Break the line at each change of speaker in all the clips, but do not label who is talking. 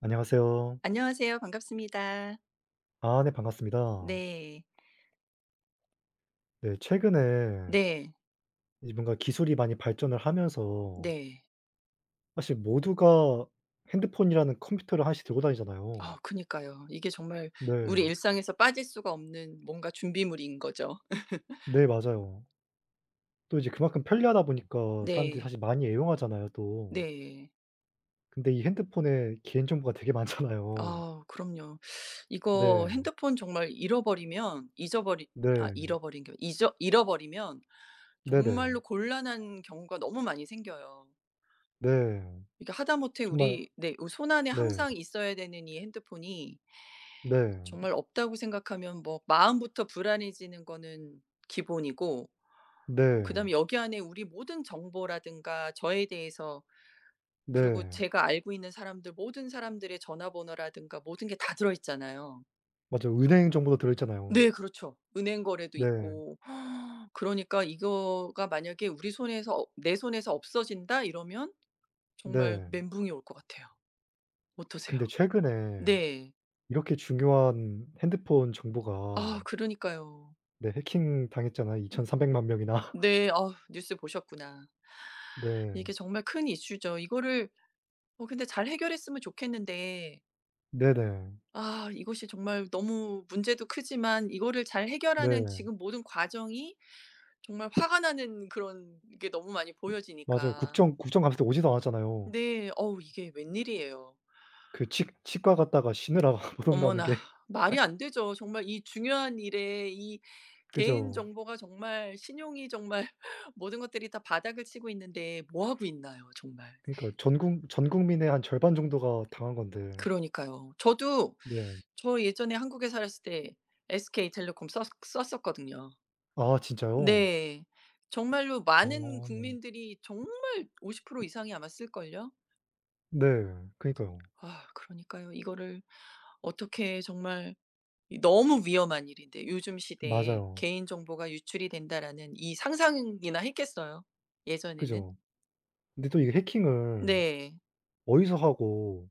안녕하세요.
안녕하세요. 반갑습니다.
아 네 반갑습니다.
네.
네, 최근에
네.
이 뭔가 기술이 많이 발전을 하면서
네.
사실 모두가 핸드폰이라는 컴퓨터를 하나씩 들고 다니잖아요.
아 그니까요. 이게 정말 우리
네.
일상에서 빠질 수가 없는 뭔가 준비물인 거죠.
네, 맞아요. 또 이제 그만큼 편리하다 보니까 사람들이
네.
사실 많이 애용하잖아요 또.
네.
근데 이 핸드폰에 개인정보가 되게 많잖아요.
아, 그럼요. 이거
네.
핸드폰 정말 잃어버리면 잊어버린 아
네.
잃어버린 게 잊어 잃어버리면 정말로
네네.
곤란한 경우가 너무 많이 생겨요.
네.
그니까 하다못해
정말
우리 네 요 손 안에
네.
항상 있어야 되는 이 핸드폰이
네.
정말 없다고 생각하면 뭐 마음부터 불안해지는 거는 기본이고
네.
그다음에 여기 안에 우리 모든 정보라든가 저에 대해서 그리고
네.
제가 알고 있는 사람들 모든 사람들의 전화번호라든가 모든 게 다 들어 있잖아요.
맞아요. 은행 정보도 들어있잖아요.
네, 그렇죠. 은행 거래도
네.
있고. 그러니까 이거가 만약에 우리 손에서 없 '내 손에서 없어진다.' 이러면 정말
네.
멘붕이 올 것 같아요. 어떠세요?
근데 최근에
네.
이렇게 중요한 핸드폰
아
정보가
그러니까요.
네 해킹 당했잖아요
음.
23,000,000 명이나.
네 어 뉴스 보셨구나. 이게
네.
정말 큰 이슈죠. 이거를 어 근데 잘 해결했으면 좋겠는데
네 네.
아 이것이 정말 너무 문제도 크지만 이거를 잘 해결하는
네.
지금 모든 과정이 정말 화가 나는 그런 게 너무 많이
맞아요.
보여지니까.
국정 국정 감시 때 오지도 않았잖아요.
네 어우 이게 웬일이에요?
그 치 치과 갔다가 쉬느라 못 온다는
어머나,
게
말이 안 되죠. 정말 이 중요한 일에 이 개인
그죠.
정보가 정말 신용이 정말 모든 것들이 다 바닥을 치고 있는데 뭐 하고 있나요, 정말.
그니까요. 전 국 전 국민의 한 절반 정도가 당한 건데.
그러니까요. 저도
네.
저 예전에 한국에 살았을 때 SK 텔레콤 썼 썼었거든요.
아 진짜요?
네. 정말로 많은
아.
국민들이 정말 50% 이상이 아마 쓸걸요.
네, 그니까요.
아, 그러니까요. 이거를 어떻게 정말 이 너무 위험한 일인데 요즘 시대에
맞아요.
'개인 정보가 유출이 된다.'라는 이 상상이나 했겠어요? 예전에는?
그죠. 근데 또 이게 해킹을
네.
어디서 하고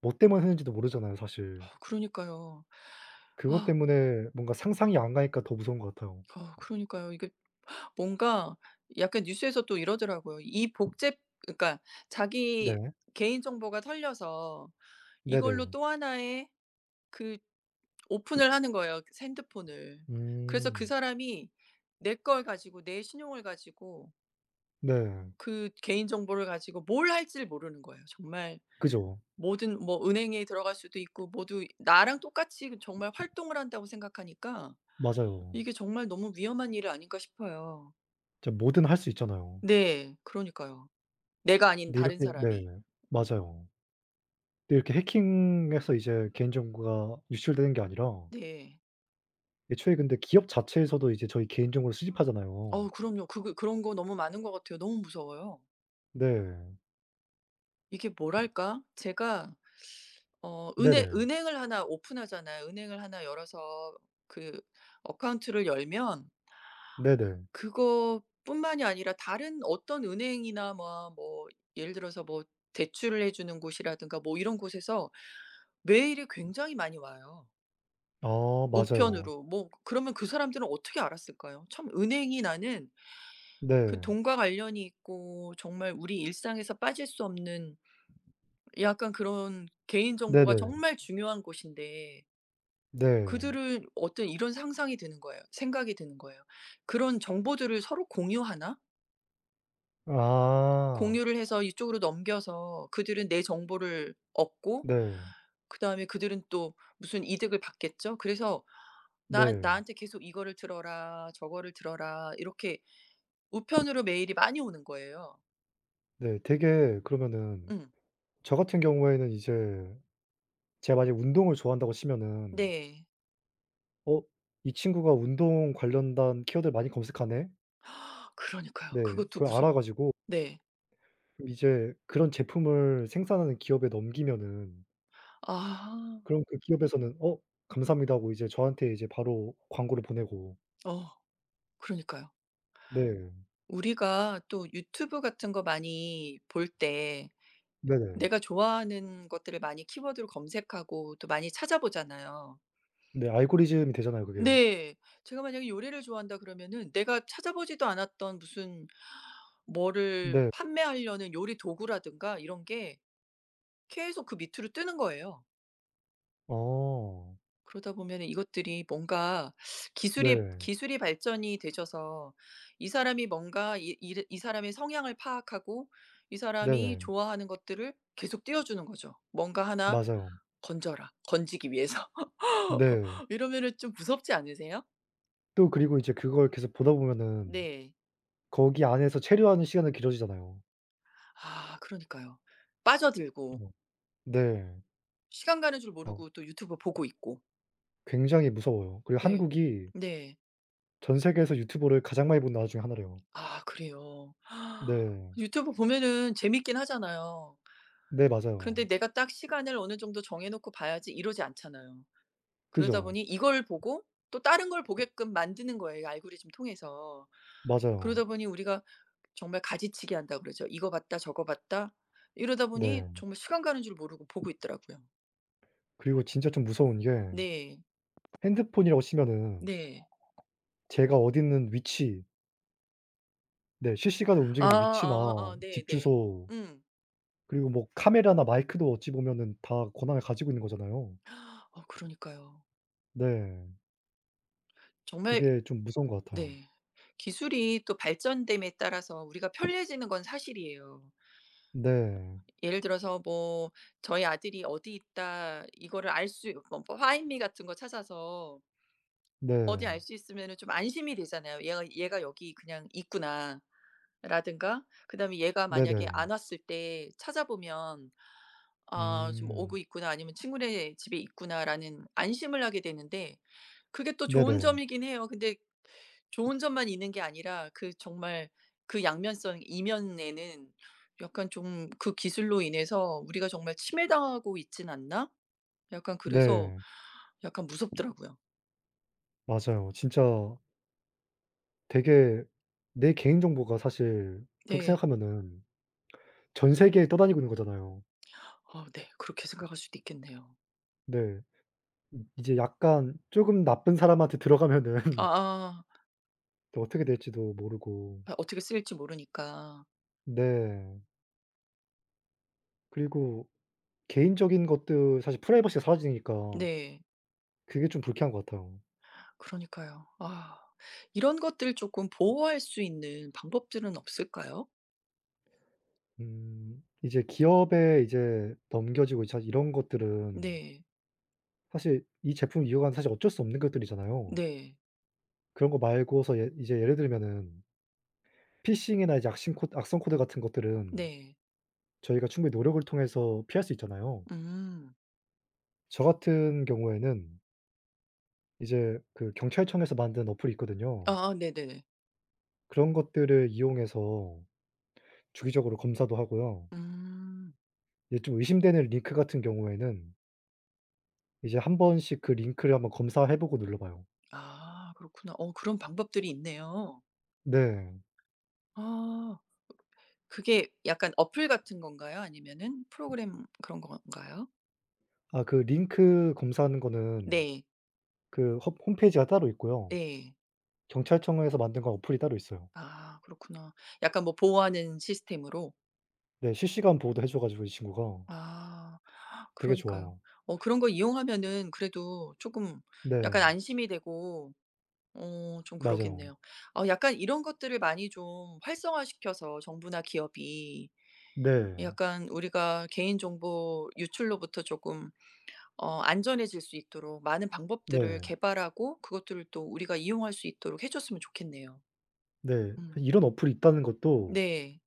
뭐 때문에 했는지도 모르잖아요, 사실.
그러니까요.
그것
아
때문에 뭔가 상상이 안 가니까 더 무서운 것 같아요.
어, 그러니까요. 이게 뭔가 약간 뉴스에서 또 이러더라고요. 이 복제 그러니까 자기
네.
개인 정보가 털려서
네
이걸로
네.
또 하나의 그 오픈을 하는 거예요 핸드폰을. 그래서 그
음.
사람이 내 걸 가지고 내 신용을 가지고
네.
그 개인 정보를 가지고 뭘 할지를 모르는 거예요. 정말
그죠.
모든 뭐 은행에 들어갈 수도 있고 모두 나랑 똑같이 정말 활동을 한다고 생각하니까
맞아요.
'이게 정말 너무 위험한 일이 아닐까.' 싶어요.
진짜 뭐든 할 수 있잖아요.
네 그러니까요. 내가 아닌
근데
다른
이렇게 네.
사람이. 음.
맞아요. 근데 이렇게 해킹해서 이제 개인 정보가 유출되는 게 아니라
네.
애초에 근데 기업 자체에서도 이제 저희 개인정보를 수집하잖아요.
어우 그럼요. 그거 그런 거 너무 많은 것 같아요. 너무 무서워요.
네.
이게 뭐랄까? 제가 어 은행
네네.
은행을 하나 오픈하잖아요. 은행을 하나 열어서 그 어카운트를 열면
네네.
...그거뿐만이 아니라 다른 어떤 은행이나 뭐 뭐 예를 들어서 뭐 대출을 해주는 곳이라든가 뭐 이런 곳에서 메일이 굉장히 많이 와요.
아 맞아요.
우편으로 뭐 그러면 그 사람들은 어떻게 알았을까요? 참 은행이 나는 그
네.
돈과 관련이 있고 정말 우리 일상에서 빠질 수 없는 약간 그런 개인정보가
네네.
정말 중요한 곳인데
네.
그들은 어떤 이런 상상이 드는 거예요. 생각이 드는 거예요. '그런 정보들을 서로 공유하나?' [unintelligible]
아.
공유를 해서 이쪽으로 넘겨서 그들은 내 정보를 얻고
네.
그 다음에 그들은 또 무슨 이득을 받겠죠? 그래서 나
네.
나한테 계속 이거를 들어라, 저거를 들어라. 이렇게 우편으로 메일이 많이 오는 거예요.
네 되게 그러면은
응.
저 같은 경우에는 이제 제가 만약에 운동을 좋아한다고 치면은
네.
'어 이 친구가 운동 관련된 키워드를 많이 검색하네.'
그러니까요.
네.
그것도
그걸 알아
무서워요.
가지고
네.
이제 그런 제품을 생산하는 기업에 넘기면은
아.
그럼 그 기업에서는 '어 감사합니다.' 하고 이제 저한테 이제 바로 광고를 보내고
어 그러니까요.
네.
우리가 또 유튜브 같은 거 많이 볼 때
네.
내가 좋아하는 것들을 많이 키워드로 검색하고 또 많이 찾아 보잖아요.
네 알고리즘이 되잖아요 그게.
네. 제가 만약에 요리를 좋아한다 그러면은 내가 찾아 보지도 않았던 무슨 뭐를
네.
판매하려는 요리 도구라든가 이런게 계속 그 밑으로 뜨는 거예요.
어.
그러다 보면 이것들이 뭔가 기술이
네.
기술이 발전이 되셔서 이 사람이 뭔가 이 이를 이 사람의 성향을 파악하고 이 사람이
네네.
좋아하는 것들을 계속 띄어주는 거죠. '뭔가 하나
맞아요.
건져라.' 건지기 위해서.
네.
이러면은 좀 무섭지 않으세요?
또 그리고 이제 그걸 계속 보다 보면은
네.
거기 안에서 체류하는 시간이 길어지잖아요.
아 그러니까요. 빠져들고.
[unintelligible] 네.
시간 가는 줄
어.
모르고 또 유튜브 보고 있고.
굉장히 무서워요. 그리고
네.
한국이
네.
전 세계에서 유튜브를 가장 많이 보는 나라 중에 하나래요.
아 그래요?
네.
유튜브 보면은 재밌긴 하잖아요.
네
근데
맞아요.
'내가 딱 시간을 어느 정도 정해 놓고 봐야지.' 이러지 않잖아요. 그러다
그죠.
보니 이걸 보고 또 다른 걸 보게끔 만드는 거예요 알고리즘 통해서.
맞아요.
그러다 보니 우리가 정말 가지치기한다고 그러죠. '이거 봤다 저거 봤다.' 이러다 보니
네.
정말 시간 가는 줄 모르고 보고 있더라고요.
그리고 진짜 좀 무서운게
네.
핸드폰이라고 치면은
네.
제가 어딨는 위치 네 실시간으로
아
움직이는 위치나
아아
집
네네.
주소
응.
그리고 뭐 카메라나 마이크도 어찌보면은 다 권한을 가지고 있는 거잖아요.
아 그러니까요.
네.
정말
그게 좀 무서운 것 같아요.
네. 기술이 또 발전됨에 따라서 우리가 편리해지는 건 사실이에요.
네.
예를 들어서 뭐 저희 아들이 어디 있다 이거를 알 수 뭐 뭐 파인미 같은 거 찾아서 어디
네.
알 수 있으면은 좀 안심이 되잖아요. 얘가 '얘가 여기 그냥 있구나.' 아 라든가 그다음에 얘가 만약에 안
네네.
왔을 때 찾아보면 '아 좀 오고
음.
있구나.' 아니면 '친구네 집에 있구나.'라는 안심을 하게 되는데 그게 또 좋은
네네.
점이긴 해요. 근데 좋은 점만 있는 게 아니라 그 정말 그 양면성 이면에는 약간 좀 '그 기술로 인해서 우리가 정말 침해당하고 있지는 않나?' 약간 그래서
네.
약간 무섭더라고요.
맞아요. 진짜 되게 내 개인정보가 사실 그렇게
네.
생각하면은 전 세계에 떠다니고 있는 거잖아요.
아 네 그렇게 생각할 수도 있겠네요.
네. 음. 이제 약간 쪼금 나쁜 사람한테 들어가면은
아아.
또 어떻게 될지도 모르고.
아 어떻게 쓰일지 모르니까.
네. 그리고 개인적인 것들 사실 프라이버시가 사라지니까.
네.
그게 좀 불쾌한 것 같아요.
그러니까요. 아 이런 것들 쪼끔 보호할 수 있는 방법들은 없을까요?
음. 이제 기업에 이제 넘겨지고 자 이런 것들은
네.
사실 이 제품을 이어간 사실 어쩔 수 없는 것들이잖아요.
네.
그런거 말고서 예 이제 예를 들면은 피싱이나 이제 악싱코 악성코드 같은 것들은
네.
저희가 충분히 노력을 통해서 피할 수 있잖아요.
음.
저 같은 경우에는 이제 그 경찰청에서 만든 어플이 있거든요.
아 네네네.
그런 것들을 이용해서 주기적으로 검사도 하구요.
음.
이제 좀 의심되는 링크 같은 경우에는 이제 1 번씩 그 링크를 한번 검사해보고 눌러봐요.
아 그렇구나. 어 그런 방법들이 있네요.
네.
아 어 그게 으 약간 앱같은 건가요? 아니면은 프로그램 그런 건가요?
아 그 링크 검사하는 거는
네.
그 홈 홈페이지가 따로 있고요.
예.
경찰청에서 만든 건 앱이 따로 있어요.
아 그렇구나. 약간 뭐 보호하는 시스템으로?
네 실시간 보호도 해 줘 가지고 이 친구가.
아
되게
그러니까요.
좋아요.
어 그런 거 이용하면은 그래도 조금 약간
네.
안심이 되고 어 좀
맞아요.
그러겠네요. 어 약간 이런 것들을 많이 좀 활성화 시켜서 정부나 기업이
네.
약간 우리가 개인 정보 유출로부터 쪼끔 어 안전해질 수 있도록 많은 방법들을
네.
개발하고 그것들을 또 우리가 이용할 수 있도록 해 줬으면 좋겠네요.
네
음.
이런 어플이 있다는 것도
네.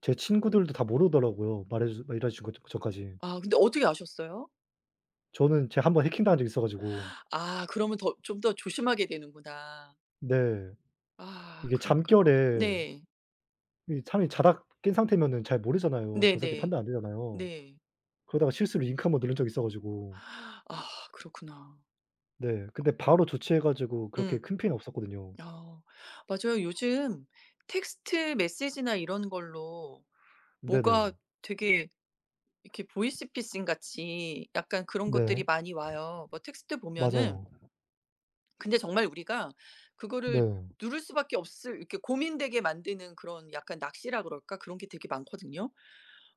제 친구들도 다 모르더라고요 말해 주 [unintelligible] 전까지.
아 근데 어떻게 아셨어요?
저는 제가 1 번 해킹 당한 적이 있어 가지고
아 그러면 더 좀 더 조심하게 되는구나.
네.
아
이게
그러니까.
잠결에
네.
이 사람이 자다 깬 상태면은 잘 모르잖아요. 정상적인
네네
판단 안 되잖아요.
네.
그러다가 실수로 링크 1 번 누른 적 있어 가지고
아 그렇구나.
네 근데 바로 조치해 가지고 그렇게
음.
큰 피해는 없었거든요.
어. 맞아요. 요즘 텍스트 메시지나 이런 걸로 뭐가
네네.
되게 이렇게 보이스피싱같이 약간 그런 것들이
네.
많이 와요. 뭐 텍스트 보면은
맞아요.
근데 정말 우리가 그거를
네.
누를 수밖에 없을 이렇게 고민되게 만드는 그런 약간 낚시라 그럴까? 그런 게 되게 많거든요.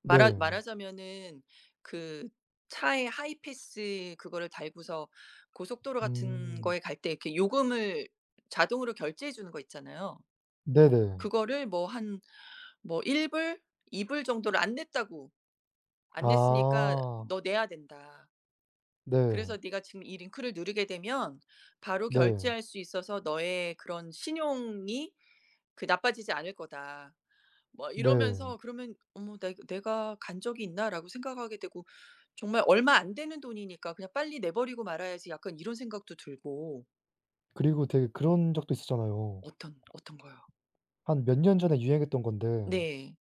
말하
네.
말하자면은 그 차에 하이패스 그거를 달고서 고속도로 같은
음.
거에 갈 때 이렇게 요금을 자동으로 결제해 주는 거 있잖아요.
네 네.
그거를 뭐 한 뭐 1 불 2 불 정도를 안 냈다고 "안 냈으니까
아.
너 내야 된다."
네.
"그래서 네가 지금 이 링크를 누르게 되면 바로
네.
결제할 수 있어서 너의 그런 신용이 그 나빠지지 않을 거다." 뭐
네.
이러면서 그러면 '어머 나 이 내가 간 적이 있나?'라고 생각하게 되고 정말 얼마 안 되는 돈이니까 '그냥 빨리 내 버리고 말아야지.' 약간 이런 생각도 들고
그리고 되게 그런 적도 있었잖아요.
어떤 어떤 거요?
한 몇 년 전에 유행했던 건데
네.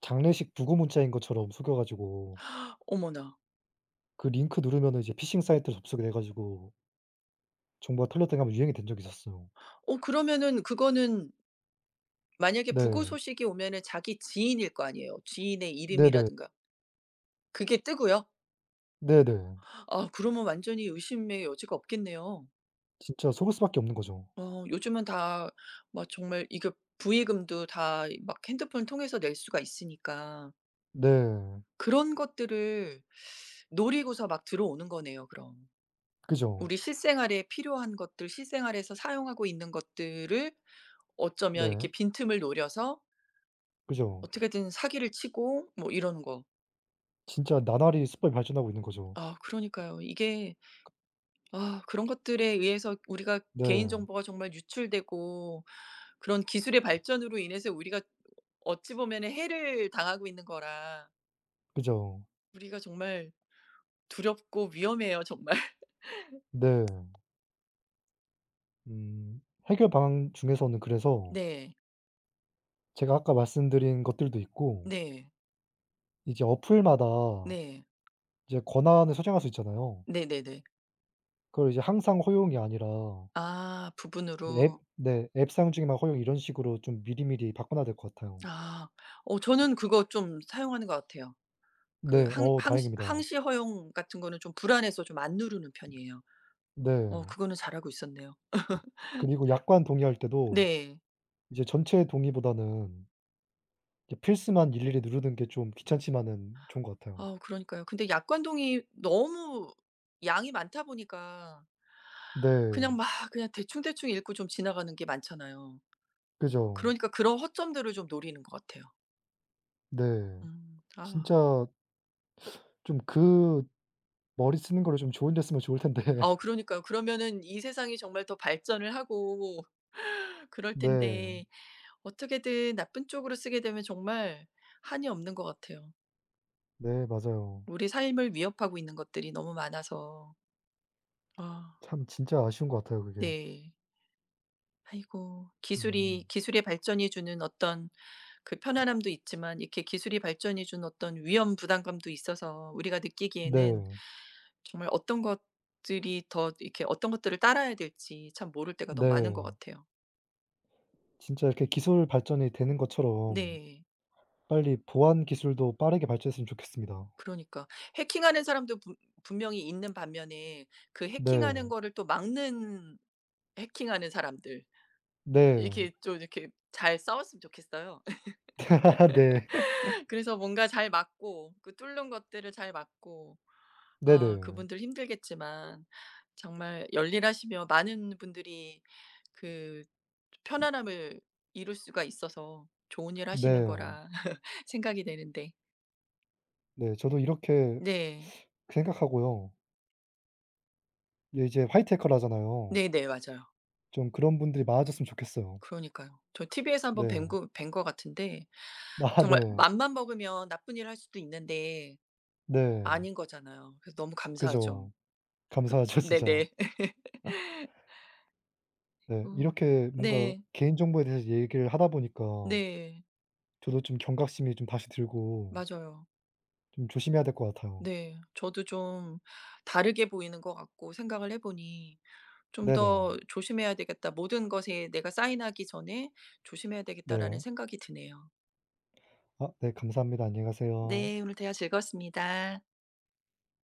장례식 부고 문자인 것처럼 속여 가지고
어머나.
그 링크 누르면 이제 피싱 사이트로 접속이 되 가지고 정보가 틀렸다고 1 번 유행이 된 적이 있었어요.
어 그러면은 그거는 만약에 부고
네.
소식이 오면은 자기 지인일 거 아니에요. 지인의
네네.
이름이라든가 그게 뜨고요?
네네.
아 그러면 완전히 의심의 여지가 없겠네요.
진짜 속을 수 밖에 없는 거죠.
어 요즘은 다 막 정말 이거 부의금도 다 막 핸드폰을 통해서 낼 수가 있으니까.
네.
그런 것들을 노리고서 막 들어오는 거네요 그럼.
그죠.
우리 실생활에 필요한 것들, 실생활에서 사용하고 있는 것들을 어쩌면 이렇게
네.
빈틈을 노려서
그죠.
어떻게든 사기를 치고 뭐 이런 거.
진짜 나날이 수법이 발전하고 있는 거죠.
아 그러니까요. 이게.
[unintelligible]
아 그런 것들에 의해서 우리가
네.
개인정보가 정말 유출되고 그런 기술의 발전으로 인해서 우리가 어찌 보면은 해를 당하고 있는 거라.
그죠.
우리가 정말 두렵고 위험해요 정말.
네. 음 해결 방안 중에서는 그래서
네.
제가 아까 말씀드린 것들도 있고
네.
이게 어플마다
네.
이제 권한을 설정할 수 있잖아요.
네네네.
그걸 이제 항상 허용이 아니라
아
네. 앱
부분으로.
네. 앱 사용 시에만 허용 이런 식으로 좀 미리미리 바꿔 놔야 될 것 같아요.
아 어 저는 그거 좀 사용하는 것 같아요. 그
네.
항
어
항
다행입니다.
항시 허용 같은 거는 좀 불안해서 좀 안 누르는 편이에요. 어
네.
그거는 잘하고 있었네요.
그리고 약관 동의할 때도
네.
이제 전체 동의보다는 이제 필수만 일일이 누르는 게 좀 귀찮지만은 좋은 것 같아요.
아우 그러니까요. 근데 약관 동의 너무 양이 많다 보니까
네.
그냥 막 그냥 대충대충 읽고 좀 지나가는 게 많잖아요.
그죠.
그러니까 그런 허점들을 좀 노리는 것 같아요.
네
음 아.
진짜 좀 그 머리 쓰는 거를 좀 좋은데 쓰면 좋을 텐데.
어 그러니까요. 그러면 이 세상이 정말 더 발전을 하고 그럴
네.
텐데 어떻게든 나쁜 쪽으로 쓰게 되면 정말 한이 없는 것 같아요.
네. 맞아요.
우리 삶을 위협하고 있는 것들이 너무 많아서. 아.
참 진짜 아쉬운 것 같아요. 그게.
네. 아이고.
음.
기술이 기술의 발전이 주는 어떤 그 편안함도 있지만 이렇게 기술의 발전이 주는 어떤 위험 부담감도 있어서 우리가 느끼기에는
네.
정말 어떤 것들이 더 이렇게 어떤 것들을 따라야 될지 참 모를 때가 너무 많은 것
네.
같아요.
진짜 이렇게 기술 발전이 되는 것처럼
네.
빨리 보안 기술도 빠르게 발전했으면 좋겠습니다.
그러니까. 해킹하는 사람도 분 분명히 있는 반면에 그 해킹하는
네.
거를 또 막는 해킹하는 사람들.
네.
이렇게 좀 이렇게 잘 싸웠으면 좋겠어요.
네.
그래서 뭔가 잘 막고 그 뚫는 것들을 잘 막고. 아
네네.
그분들 힘들겠지만 정말 열일하시며 많은 분들이 그 좀 편안함을 이룰 수가 있어서 좋은 일 하시는
네.
거라 생각이 되는데.
네 저도 이렇게
네.
생각하고요. 예 이제 화이트해커라 하잖아요.
네네. 맞아요.
좀 그런 분들이 많아졌으면 좋겠어요.
그러니까요. 저 티비에서 한번 뵌
네.
거 뵌 거 같은데
아
정말
네.
마음만 먹으면 나쁜 일을 할 수도 있는데
네.
아닌 거잖아요. 그래서 너무 감사하죠.
그죠. 감사하죠
그
진짜.
네네.
네.
어.
이렇게 뭔가
네.
개인정보에 대해서 얘기를 하다 보니까
네.
저도 좀 경각심이 좀 다시 들고
맞아요.
좀 조심해야 될 것 같아요.
네. 저도 좀 다르게 보이는 것 같고 생각을 해 보니. '좀
네네.
더 조심해야 되겠다.' '모든 것에 내가 사인하기 전에 조심해야 되겠다.'라는
네.
생각이 드네요.
아 네. 감사합니다. 안녕히 가세요.
네. 오늘 대화 즐거웠습니다.